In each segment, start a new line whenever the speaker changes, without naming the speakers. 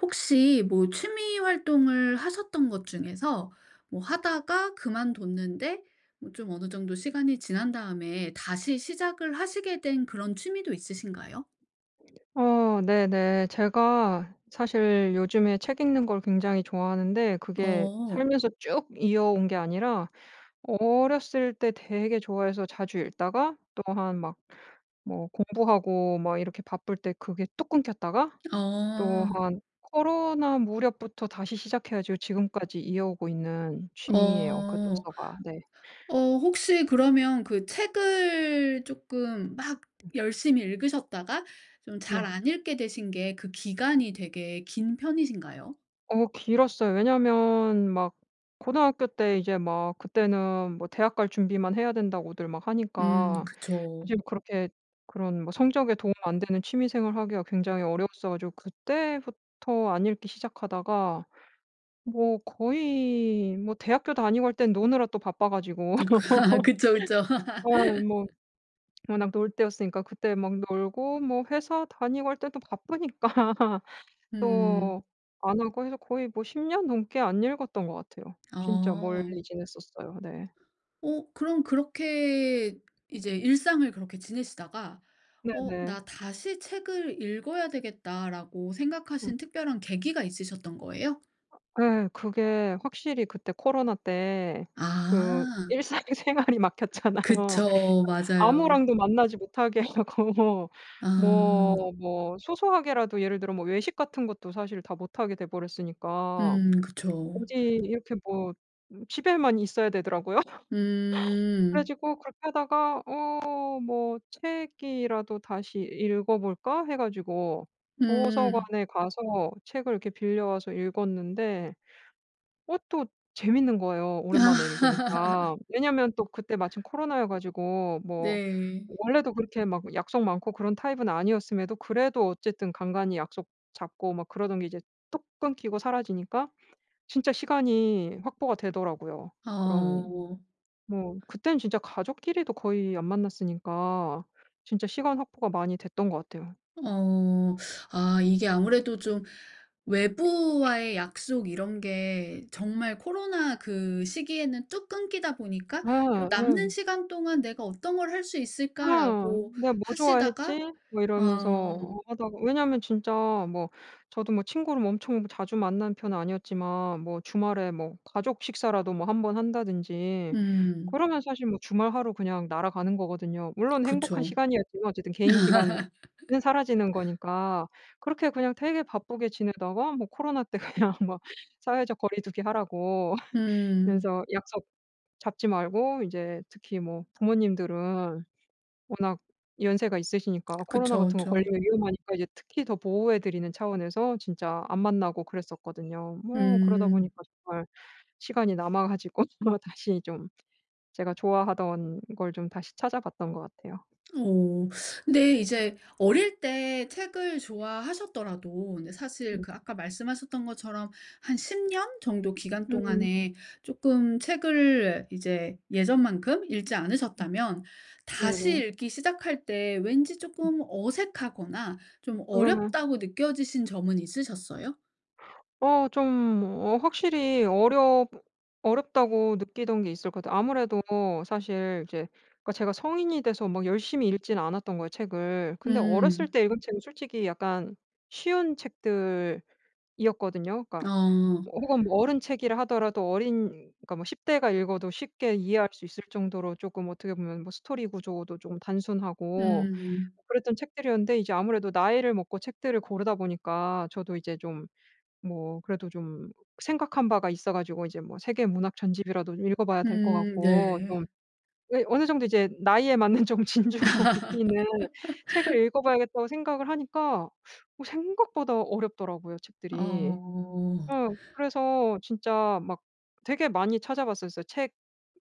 혹시 뭐 취미 활동을 하셨던 것 중에서 뭐 하다가 그만뒀는데 뭐 좀 어느 정도 시간이 지난 다음에 다시 시작을 하시게 된 그런 취미도 있으신가요?
어 네네. 제가 사실 요즘에 책 읽는 걸 굉장히 좋아하는데 그게
어.
살면서 쭉 이어온 게 아니라 어렸을 때 되게 좋아해서 자주 읽다가 또 한 막 뭐 공부하고 막 이렇게 바쁠 때 그게 뚝 끊겼다가 또
어.
한 코로나 무렵부터 다시 시작해 가지고 지금까지 이어오고 있는 취미예요 그
어.
독서가. 네.
어 혹시 그러면 그 책을 쪼끔 막
음.
열심히 읽으셨다가 좀 잘
네.
안 읽게 되신 게 그
음.
기간이 되게 긴 편이신가요?
어 길었어요. 왜냐하면 막 고등학교 때 이제 막 그때는 뭐 "대학 갈 준비만 해야 된다."고들 막
음
하니까 어
그쵸.
좀 그렇게 그런 뭐 성적에 도움 안 되는 취미 생활을 하기가 굉장히 어려웠어 가지고 그때부터 안 읽기 시작하다가 뭐 거의 뭐 대학교 다니고 할 땐 노느라 또 바빠 가지고
음. 그쵸, 그쵸.
어 뭐 워낙 놀 때였으니까 그때 막 놀고 뭐 회사 다니고 할 때도 바쁘니까
음.
또 안 하고 해서 거의 뭐 10 년 넘게 안 읽었던 것 같아요. 진짜 멀리
어.
지냈었어요. 네.
어 그럼 그렇게 이제 일상을 그렇게 지내시다가 '어
네네.
나 다시 책을 읽어야 되겠다.'라고
음.
생각하신 특별한 계기가 있으셨던 거예요?
어 예, 그게 확실히 그때 코로나 때 그
아.
일상생활이 막혔잖아요.
그쵸. 맞아요.
아무랑도 만나지 못하게 하고 뭐,
아.
뭐 뭐 소소하게라도 예를 들어 뭐 외식 같은 것도 사실 다 못 하게 돼 버렸으니까.
음. 그쵸.
어디 이렇게 뭐 음 집에만 있어야 되더라고요. 그래
음.
가지고 그렇게 하다가 '어 뭐 책이라도 다시 읽어 볼까?' 해 가지고
음.
도서관에 가서 책을 이렇게 빌려와서 읽었는데 그것도 재미있는 거예요 오랜만에 읽으니까. 왜냐하면 또 그때 마침 코로나여 가지고 뭐
네.
원래도 그렇게 막 약속 많고 그런 타입은 아니었음에도 그래도 어쨌든 간간이 약속 잡고 막 그러던 게 이제 뚝 끊기고 사라지니까 진짜 시간이 확보가 되더라고요. 그런
어오.
뭐 그때는 진짜 가족끼리도 거의 안 만났으니까 진짜 시간 확보가 많이 됐던 것 같아요.
어. 아 이게 아무래도 좀 외부와의 약속 이런 게 정말 코로나 그 시기에는 뚝 끊기다 보니까 '요
예. 예.
남는 시간 동안 내가 어떤 걸 할 수
어
있을까?'라고
'내가 뭐
하시다가
좋아했지?' 뭐 이러면서
어.
하다가 왜냐하면 진짜 뭐 저도 뭐 친구를 엄청 자주 만나는 편은 아니었지만 뭐 주말에 뭐 가족 식사라도 뭐 한번 한다든지
음.
그러면 사실 뭐 주말 하루 그냥 날아가는 거거든요. 물론 행복한
그쵸.
시간이었지만 어쨌든 개인 시간은 사라지는 거니까 그렇게 그냥 되게 바쁘게 지내다가 뭐 코로나 때 그냥 막 사회적 거리두기 하라고
음.
그래서 약속 잡지 말고 이제 특히 뭐 부모님들은 워낙 연세가 있으시니까 코로나
그쵸
같은 거
그쵸.
걸리면 위험하니까 이제 특히 더 보호해 드리는 차원에서 진짜 안 만나고 그랬었거든요. 뭐 그러다
음.
보니까 정말 시간이 남아 가지고 주마 다시 좀 제가 좋아하던 걸 좀 다시 찾아봤던 것 같아요.
오 근데 이제 어릴 때 책을 좋아하셨더라도 근데 사실
음.
그 아까 말씀하셨던 것처럼 한 10 년 정도 기간
음.
동안에 쪼끔 책을 이제 예전만큼 읽지
음.
않으셨다면 다시
네네.
읽기 시작할 때 왠지
음.
쪼끔 '어색하거나 좀
음.
어렵다.'고 느껴지신 점은 있으셨어요?
어 좀 뭐 확실히 어렵 어렵다고 느끼던 게 있을 것 같아요. 아무래도 사실 이제 그러니까 제가 성인이 돼서 막 열심히 읽지는 않았던 거예요 책을. 근데 어렸을
음.
때 읽은 책은 솔직히 약간 쉬운 책들이었거든요. 그러니까
어.
어 혹은 어른 책이라 하더라도 어린 그러니까 뭐 10대가 읽어도 쉽게 이해할 수 있을 정도로 조금 어떻게 보면 뭐 스토리 구조도 쪼금 단순하고
음.
그랬던 책들이었는데 이제 아무래도 나이를 먹고 책들을 고르다 보니까 저도 이제 좀 뭐 그래도 좀 생각한 바가 있어 가지고 이제 뭐 세계 문학 전집이라도 읽어 봐야 될 것
음
같고.
네.
좀 예 어느 정도 이제 나이에 맞는 좀 진중하고 깊이 있는 책을 읽어 봐야겠다고 생각을 하니까 어 생각보다 어렵더라고요 책들이.
어.
어 그래서 진짜 막 되게 많이 찾아 봤었어요.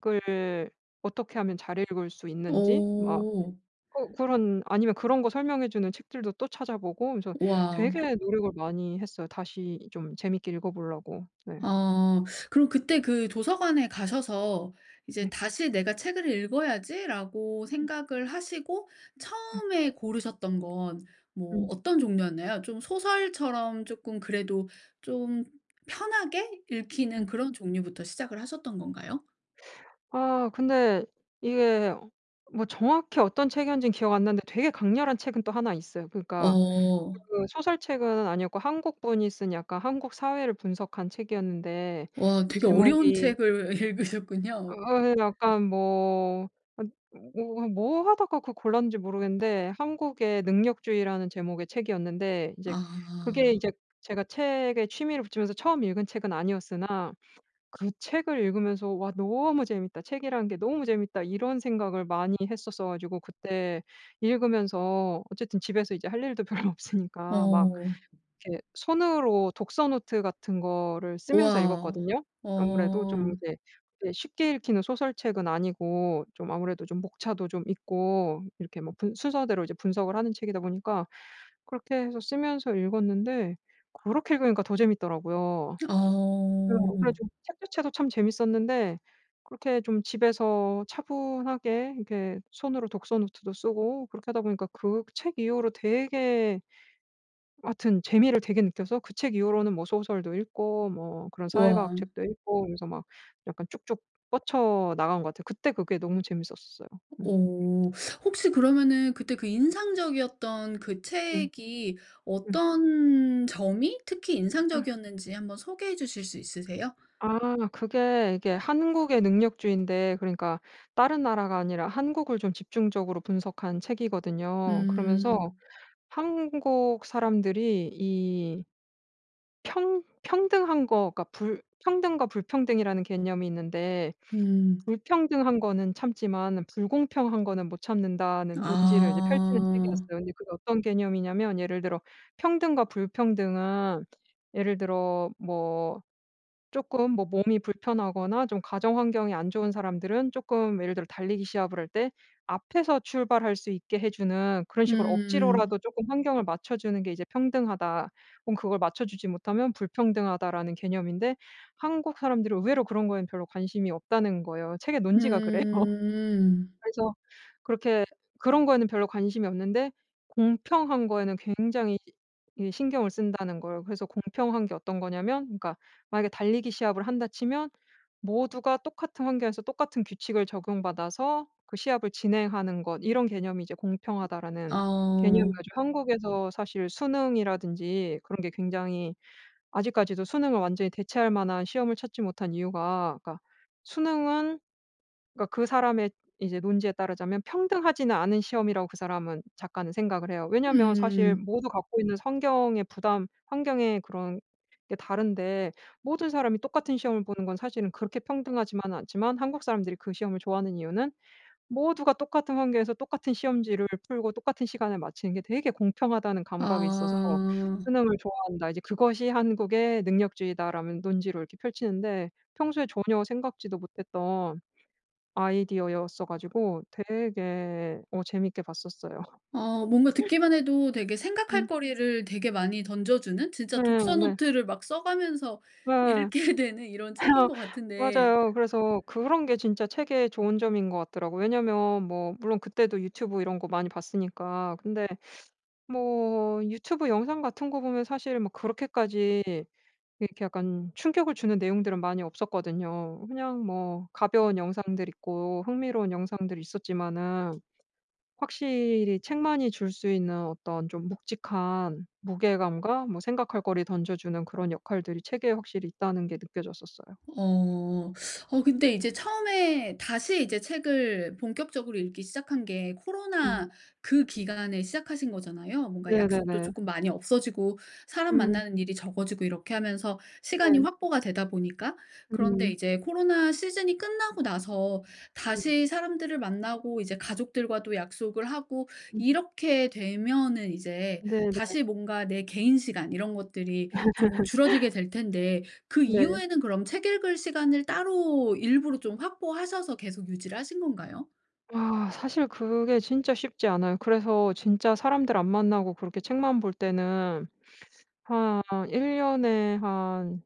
책을 어떻게 하면 잘 읽을 수 있는지 막
오.
어 그런 아니면 그런 거 설명해 주는 책들도 또 찾아 보고 그래서
와우.
되게 노력을 많이 했어요. 다시 좀 재밌게 읽어 보려고 네.
어 그럼 그때 그 도서관에 가셔서 이제
네.
'다시 내가 책을 읽어야지.'라고
음.
생각을 하시고
음.
처음에 고르셨던 건 뭐
음.
어떤 종류였나요? 좀 소설처럼 쪼끔 그래도 좀 편하게 읽히는
음.
그런 종류부터 시작을 하셨던 건가요?
아 근데 이게 뭐 정확히 어떤 책이었는지 기억 안 나는데 되게 강렬한 책은 또 1 있어요. 그러니까
어.
그 소설책은 아니었고 한국분이 쓴 약간 한국 사회를 분석한 책이었는데
와 되게 어려운
제목이
책을 읽으셨군요.
어어 약간 뭐 아니 뭐 뭐 하다가 그 골랐는지 모르겠는데 한국의 능력주의라는 제목의 책이었는데 이제 그게
아.
이제 제가 책에 취미를 붙이면서 처음 읽은 책은 아니었으나 그 책을 읽으면서 '와 너무 재밌다. 책이란 게 너무 재밌다.' 이런 생각을 많이 했었어 가지고 그때 읽으면서 어쨌든 집에서 이제 할 일도 별로 없으니까 막
어.
이렇게 손으로 독서노트 같은 거를 쓰면서
우와우
읽었거든요. 아무래도
어.
좀 이제 이게 쉽게 읽히는 소설책은 아니고 좀 아무래도 좀 목차도 좀 있고 이렇게 뭐 분 순서대로 이제 분석을 하는 책이다 보니까 그렇게 해서 쓰면서 읽었는데 그렇게 읽으니까 더 재밌더라고요. 그래요. 그래
어.
가지고 책 자체도 참 재밌었는데 그렇게 좀 집에서 차분하게 이렇게 손으로 독서노트도 쓰고 그렇게 하다 보니까 그 책 이후로 되게 하여튼 재미를 되게 느껴서 그 책 이후로는 뭐 소설도 읽고 뭐 그런
우와.
사회과학 책도 읽고 그러면서 막 약간 쭉쭉 뻗쳐 나간 것 같아요. 그때 그게 너무 재밌었어요. 음.
어 혹시 그러면은 그때 그 인상적이었던 그
음.
책이
음.
어떤 점이 특히
아.
인상적이었는지 한번 소개해 주실 수 있으세요?
아 그게 이게 한국의 능력주의인데 그러니까 다른 나라가 아니라 한국을 좀 집중적으로 분석한 책이거든요. 그러면서
음.
한국 사람들이 이 평 평등한 거가 불 평등과 불평등이라는 개념이 있는데
음.
불평등한 거는 참지만 불공평한 거는 못 참는다는 논지를 이제 펼치는
아.
책이었어요. 근데 그게 어떤 개념이냐면 예를 들어 평등과 불평등은 예를 들어 뭐 쪼끔 뭐 몸이 불편하거나 좀 가정 환경이 안 좋은 사람들은 쪼끔 예를 들어 달리기 시합을 할 때 앞에서 출발할 수 있게 해 주는 그런 식으로
음.
억지로라도 쪼끔 환경을 맞춰주는 게 이제 평등하다 혹은 그걸 맞춰주지 못하면 불평등하다라는 개념인데 한국 사람들은 의외로 그런 거엔 별로 관심이 없다는 거예요. 책의 논지가 그래요.
음.
그래서 그렇게 그런 거에는 별로 관심이 없는데 공평한 거에는 굉장히 이 신경을 쓴다는 거예요. 그래서 공평한 게 어떤 거냐면 그러니까 만약에 달리기 시합을 한다 치면 모두가 똑같은 환경에서 똑같은 규칙을 적용받아서 그 시합을 진행하는 것 이런 개념이 이제 공평하다라는 개념을
어.
가지고 한국에서 사실 수능이라든지 그런 게 굉장히 아직까지도 수능을 완전히 대체할 만한 시험을 찾지 못한 이유가 그러니까 수능은 그러니까 그 사람의 이제 논지에 따르자면 평등하지는 않은 시험이라고 그 사람은 작가는 생각을 해요. 왜냐하면 사실
음.
모두 갖고 있는 성경의 부담 환경에 그런 게 다른데 모든 사람이 똑같은 시험을 보는 건 사실은 그렇게 평등하지만은 않지만 한국 사람들이 그 시험을 좋아하는 이유는 모두가 똑같은 환경에서 똑같은 시험지를 풀고 똑같은 시간에 마치는 게 되게 공평하다는 감각이 있어서
아.
수능을 좋아한다. 이제 그것이 한국의 능력주의다라는 논지로 이렇게 펼치는데 평소에 전혀 생각지도 못했던 아이디어였어 가지고 되게 어 재밌게 봤었어요.
어 뭔가 듣기만 해도 되게 생각할
음.
거리를 되게 많이 던져 주는
네
진짜
네.
독서노트를 막 써 가면서
네. 어
읽게 되는 이런 책인 거 같은데
맞아요. 그래서 그런 게 진짜 책의 좋은 점인 것 같더라고요. 왜냐하면 뭐 물론 그때도 유튜브 이런 거 많이 봤으니까 근데 뭐 유튜브 영상 같은 거 보면 사실은 뭐 그렇게까지 이렇게 약간 충격을 주는 내용들은 많이 없었거든요. 그냥 뭐 가벼운 영상들이 있고 흥미로운 영상들이 있었지만은 확실히 책만이 줄 수 있는 어떤 좀 묵직한 무게감과 뭐 생각할 거리 던져 주는 그런 역할들이 책에 확실히 있다는 게 느껴졌었어요.
어. 어 근데 이제 처음에 다시 이제 책을 본격적으로 읽기 시작한 게
음.
코로나 그 기간에 시작하신 거잖아요. 뭔가 약속도
네네네.
쪼끔 많이 없어지고 사람
음.
만나는 일이 적어지고 이렇게 하면서 시간이
네.
확보가 되다 보니까. 그런데
음.
이제 코로나 시즌이 끝나고 나서
음.
다시 사람들을 만나고 이제 가족들과도 약속을 하고
음.
이렇게 되면은 이제
네 네.
다시 뭔가 내 개인 시간 이런 것들이 조금 줄어들게 될 텐데 그
네.
이후에는 그럼 책 읽을 시간을 따로 일부러 좀 확보하셔서 계속 유지를 하신 건가요?
아 사실 그게 진짜 쉽지 않아요. 그래서 진짜 사람들 안 만나고 그렇게 책만 볼 때는 한 1 년에 한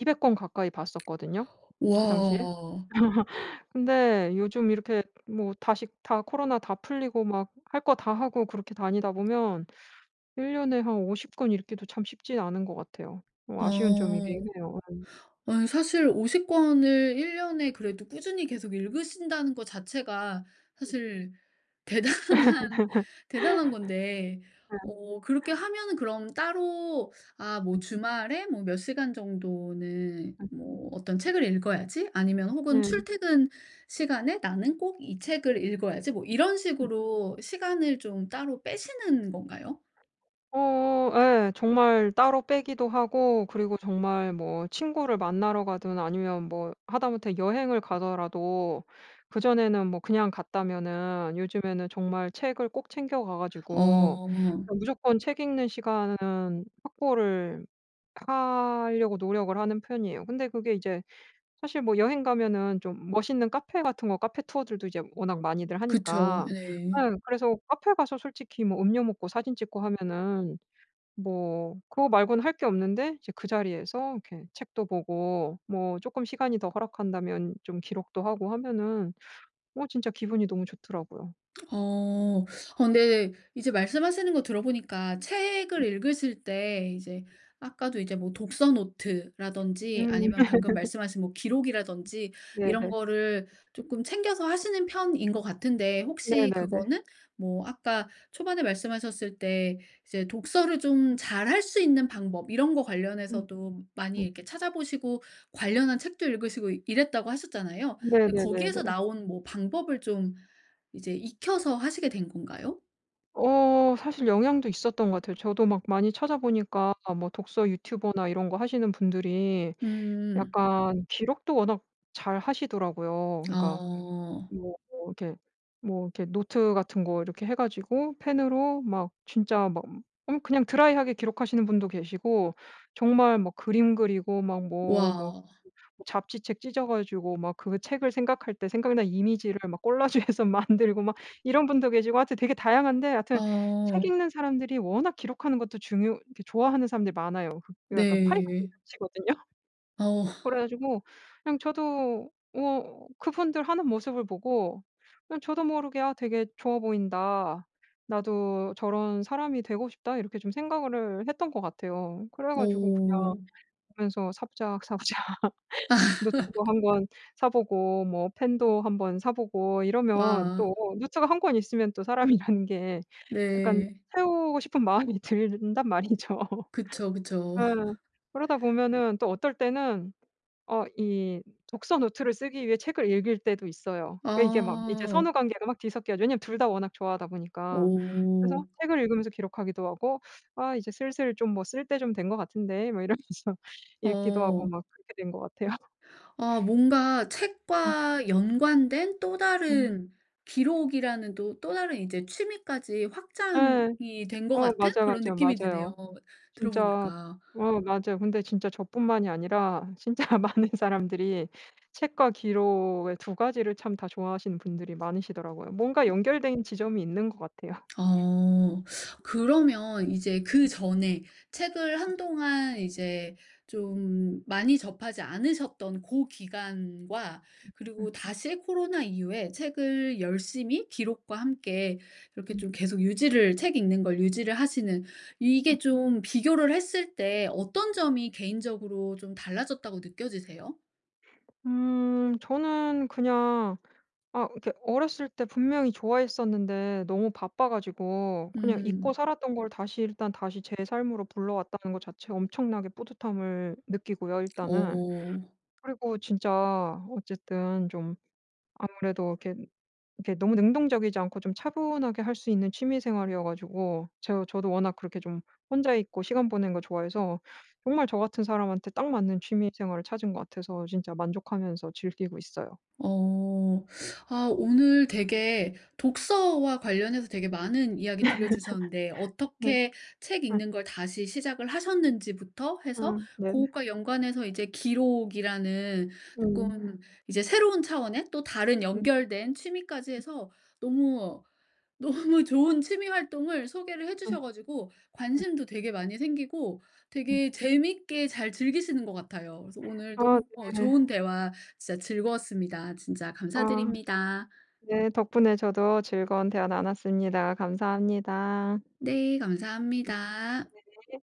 200 권 가까이 봤었거든요 그 당시에.
와.
근데 요즘 이렇게 뭐 다시 다 코로나 다 풀리고 막 할 거 다 하고 그렇게 다니다 보면 1 년에 한 50 권 읽기도 참 쉽지는 않은 것 같아요. 어 아쉬운 점이긴
아.
해요. 음.
아니 사실 50 권을 1 년에 그래도 꾸준히 계속 읽으신다는 것 자체가
음.
사실 대단한 대단한 건데
어.
어 그렇게 하면은 그럼 따로 아 뭐
음.
'주말에 뭐 몇 시간 정도는
음.
뭐 어떤 책을 읽어야지.' 아니면 혹은
네.
'출퇴근 시간에 나는 꼭 이 책을 읽어야지.' 뭐 이런
음.
식으로 시간을 좀 따로 빼시는 건가요?
어 예. 정말 따로 빼기도 하고 그리고 정말 뭐 친구를 만나러 가든 아니면 뭐 하다 못해 여행을 가더라도 그 전에는 뭐 그냥 갔다면은 요즘에는 정말 책을 꼭 챙겨 가 가지고
어.
무조건 책 읽는 시간 확보를 하려고 노력을 하는 편이에요. 근데 그게 이제 사실 뭐 여행 가면은 좀 멋있는 카페 같은 거 카페 투어들도 이제 워낙 많이들
그쵸.
하니까
네.
네 그래서 카페 가서 솔직히 뭐 음료 먹고 사진 찍고 하면은 뭐 그거 말고는 할 게 없는데 이제 그 자리에서 이렇게 책도 보고 뭐 쪼끔 시간이 더 허락한다면 좀 기록도 하고 하면은 어 진짜 기분이 너무 좋더라고요.
어 어 근데 이제 말씀하시는 것 들어보니까 책을
음.
읽으실 때 이제 아까도 이제 뭐 독서 노트라든지
음.
아니면 방금 말씀하신 뭐
음.
기록이라든지 이런
네네.
거를 쪼끔 챙겨서 하시는 편인 것 같은데 혹시
네네네.
그거는 뭐 아까 초반에 말씀하셨을 때 이제 독서를 좀 잘 할 수 있는 방법 이런 것
음
관련해서도 많이
음.
이렇게 찾아 보시고 관련한 책도 읽으시고 이랬다고 하셨잖아요. 근데
네네네네.
거기에서 나온 뭐 방법을 좀 이제
아.
익혀서 하시게 된 건가요?
어 사실 영향도 있었던 것 같아요. 저도 막 많이 찾아 보니까 뭐 독서 유튜버나 이런 거 하시는 분들이
음.
약간 기록도 워낙 잘 하시더라고요. 그니까
어.
뭐 이렇게 뭐 이렇게 뭐 노트 같은 거 이렇게 해 가지고 펜으로 막 진짜 막 음 그냥 드라이하게 기록하시는 분도 계시고 정말 막 그림 그리고 막 뭐 뭐
와.
뭐 잡지책 찢어 가지고 막 그거 책을 생각할 때 생각난 이미지를 막 꼴라주해서 만들고 막 이런 분도 계시고 하여튼 되게 다양한데 하여튼 책
어.
읽는 사람들이 워낙 기록하는 것도 중요 이렇게 좋아하는 사람들이 많아요. 그게 약간 파이가 좀
네.
겹치거든요?
어.
그래 가지고 그냥 저도 어 그분들 하는 모습을 보고 그냥 저도 모르게 '아 되게 좋아 보인다. 나도 저런 사람이 되고 싶다.' 이렇게 좀 생각을 했던 것 같아요. 그래 가지고 그냥
오.
보면서 사부작사부작 노트도 1 권 사 보고 뭐 펜도 한번 사 보고 이러면
와.
또 노트가 1 권 있으면 또 사람이라는 게 약간
네.
채우고 싶은 마음이 든단 말이죠.
그쵸, 그쵸.
예. 그러다 보면은 또 어떨 때는 어 이 독서노트를 쓰기 위해 책을 읽을 때도 있어요. 이게 막 이제
어.
선후관계가 막 뒤섞여져 왜냐하면 2 다 워낙 좋아하다 보니까. 그래서
오.
책을 읽으면서 기록하기도 하고 '아 이제 슬슬 좀 뭐 쓸 때 좀 된 것 같은데.' 뭐 이러면서 읽기도 하고
어.
막 그렇게 된 것 같아요.
어 뭔가
음.
책과 연관된 또
음.
다른 기록이라는 또 또 다른 이제 취미까지
예.
확장이 된 것
어
같은
맞아요,
그런
맞아요,
느낌이
맞아요.
드네요,
진짜
들어보니까.
어 맞아요. 근데 진짜 저뿐만이 아니라 진짜 많은 사람들이 책과 기록의 2 가지를 참 다 좋아 하시는 분들이 많으시더라고요. 뭔가
어.
연결된 지점이 있는 것 같아요.
어.
음.
그러면 이제 그전에 책을
음.
한동안 이제 좀 많이 접하지 않으셨던 고 기간과
음 음.
그리고 다시 코로나 이후에 책을 열심히 기록과 함께 이렇게
음.
좀 계속 유지를 책 읽는 걸 유지를 하시는 이게
음.
좀 비교를 했을 때 어떤 점이 개인적으로 좀 달라졌다고 느껴지세요?
음 저는 그냥 아 그니까 어렸을 때 분명히 좋아했었는데 너무 바빠가지고 그냥 잊고
음.
살았던 걸 다시 일단 다시 제 삶으로 불러왔다는 거 자체 엄청나게 뿌듯함을 느끼고요 일단은.
어.
그리고 진짜 어쨌든 좀 아무래도 이렇게, 이렇게 너무 능동적이지 않고 좀 차분하게 할 수 있는 취미생활이어 가지고 제가 저도 워낙 그렇게 좀 혼자 있고 시간 보내는 거 좋아해서 정말 저 같은 사람한테 딱 맞는 취미생활을 찾은 것 같아서 진짜 만족하면서 즐기고 있어요.
어. 아 오늘 되게 독서와 관련해서 되게 많은 이야기 들려주셨는데
네.
어떻게 책
음.
읽는 걸 다시 시작을 하셨는지부터 해서
아 네네.
고것과 연관해서 이제 기록이라는
음.
쪼끔 이제 새로운 차원의 또 다른
음.
연결된 취미까지
음.
해서 너무, 너무 좋은 취미 활동을 소개를
예.
해주셔 가지고
예.
관심도 되게 많이 생기고
네.
되게 재밌게 잘 즐기시는 것 같아요. 그래서 오늘
아.
너무
네.
좋은 대화 진짜 즐거웠습니다. 진짜
아.
감사드립니다.
네. 덕분에 저도 즐거운 대화 나눴습니다. 감사합니다.
네. 감사합니다.
네네.